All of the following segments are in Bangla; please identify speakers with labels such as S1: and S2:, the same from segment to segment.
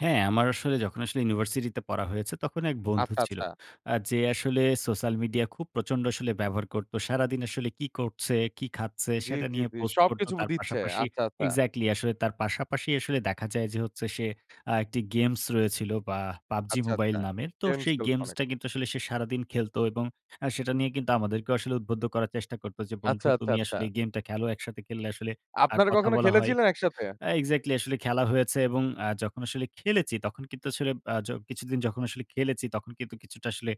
S1: হ্যাঁ, আমার আসলে যখন আসলে ইউনিভার্সিটিতে পড়া হয়েছে তখন এক বন্ধু
S2: আচ্ছা,
S1: ছিল।
S2: আচ্ছা।
S1: আ যে আসলে সোশ্যাল মিডিয়া খুব প্রচন্ড আসলে ব্যবহার করত সারাদিন আসলে কী করছে? কী খাচ্ছে?
S2: জি,
S1: সেটা
S2: জি,
S1: নিয়ে
S2: জি,
S1: পোস্ট করত।
S2: সবকিছু
S1: তার
S2: দিচ্ছে
S1: পাশাপাশি
S2: আচ্ছা, আচ্ছা।
S1: এক্সাক্টলি আসলে তার পাশাপাশি আসলে দেখা যায় যে হচ্ছে সে আ একটি গেমস রয়েছিল বা PUBG
S2: আচ্ছা, আচ্ছা,
S1: Mobile নামের। তো
S2: গেমস
S1: সেই
S2: [unintelligible]
S1: গেমসটা কিন্তু আসলে সে সারাদিন খেলত এবং আ সেটা নিয়ে কিন্তু আমাদেরকে আসলে উদ্বুদ্ধ করার চেষ্টা করত যে, বন্ধু
S2: আচ্ছা, আচ্ছা,
S1: তুমি
S2: আচ্ছা।
S1: আসলে গেমটা খেলো একসাথে খেললে আসলে আ
S2: আপনারা
S1: কথা
S2: কখনো
S1: বলা হয়।
S2: খেলেছিলেন একসাথে?
S1: আ এক্সাক্টলি আসলে খেলা হয়েছে এবং আ যখন আসলে খেলেছি তখন কিন্তু আসলে আ যো কিছুদিন যখন আসলে খেলেছি তখন কিন্তু কিছুটা আসলে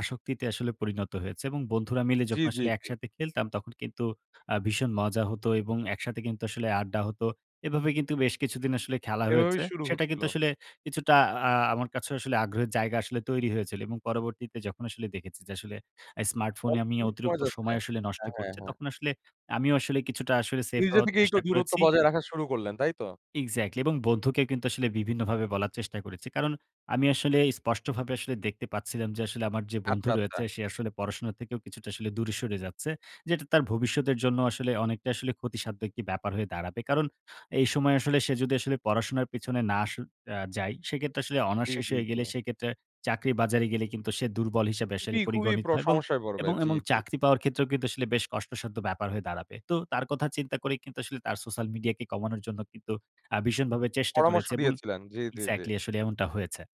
S1: আসক্তিতে আসলে পরিণত হয়েছে এবং বন্ধুরা মিলে
S2: জি,
S1: যখন
S2: জি,
S1: আসলে
S2: জি।
S1: একসাথে খেলতাম। তখন কিন্তু আ ভীষণ মজা হত এবং একসাথে কিন্তু আসলে আড্ডা হত। এভাবে কিন্তু বেশ কিছুদিন আসলে খেলা
S2: এভাবে
S1: হয়েছে।
S2: শুরু
S1: সেটা
S2: হয়েছিল।
S1: কিন্তু আসলে কিছুটা আ আমার কাছে আসলে আগ্রহের জায়গা আসলে তৈরি হয়েছিল এবং পরবর্তীতে যখন আসলে দেখেছি যে আসলে এই smartphone এ আমি
S2: [unintelligible] পাওয়া
S1: অতিরিক্ত
S2: যাচ্ছে
S1: সময় আসলে নষ্ট
S2: হ্যাঁ, হ্যাঁ,
S1: করছি
S2: হ্যাঁ।
S1: তখন আসলে আমিও আসলে কিছুটা আসলে সেফ
S2: নিজে
S1: হওয়ার
S2: থেকে একটু
S1: চেষ্টা
S2: দূরত্ব
S1: করেছি।
S2: বজায় রাখা শুরু করলেন তাই তো?
S1: এক্সাক্টলি এবং বন্ধুকে কিন্তু আসলে বিভিন্নভাবে বলার চেষ্টা করেছি। কারণ আমি আসলে স্পষ্টভাবে আসলে দেখতে পাচ্ছিলাম যে আসলে আমার যে বন্ধু
S2: আচ্ছা, আচ্ছা।
S1: রয়েছে সে আসলে পড়াশোনা থেকেও কিছুটা আসলে দূরে সরে যাচ্ছে। যেটা তার ভবিষ্যতের জন্য আসলে অনেকটা আসলে ক্ষতিসাধ্যক একটি ব্যাপার হয়ে দাঁড়াবে। কারণ এই সময় আসলে সে যদি আসলে পড়াশোনার পেছনে না আস আ যাই সেইক্ষেত্রে আসলে
S2: জি,
S1: honours শেষ
S2: জি,
S1: হয়ে গেলে
S2: জি।
S1: সেক্ষেত্রে চাকরি বাজারে গেলে কিন্তু সে দুর্বল হিসেবে আসলে
S2: খুবই, খুবই,
S1: পরিগণিত
S2: প্র
S1: হয়। এবং,
S2: সমস্যায় করবে
S1: এবং,
S2: জি,
S1: এবং
S2: জি।
S1: চাকরি পাওয়ার ক্ষেত্রেও কিন্তু আসলে বেশ কষ্টসাধ্য ব্যাপার হয়ে দাঁড়াবে। তো তার কথা চিন্তা করেই কিন্তু আসলে তার সোশ্যাল মিডিয়াকে কমানোর জন্য কিন্তু আ ভীষণভাবে চেষ্টা
S2: পরামর্শ
S1: করেছে এবং
S2: দিয়েছিলেন জি, জি, জি।
S1: এক্সাক্টলি আসলে এমনটা হয়েছে।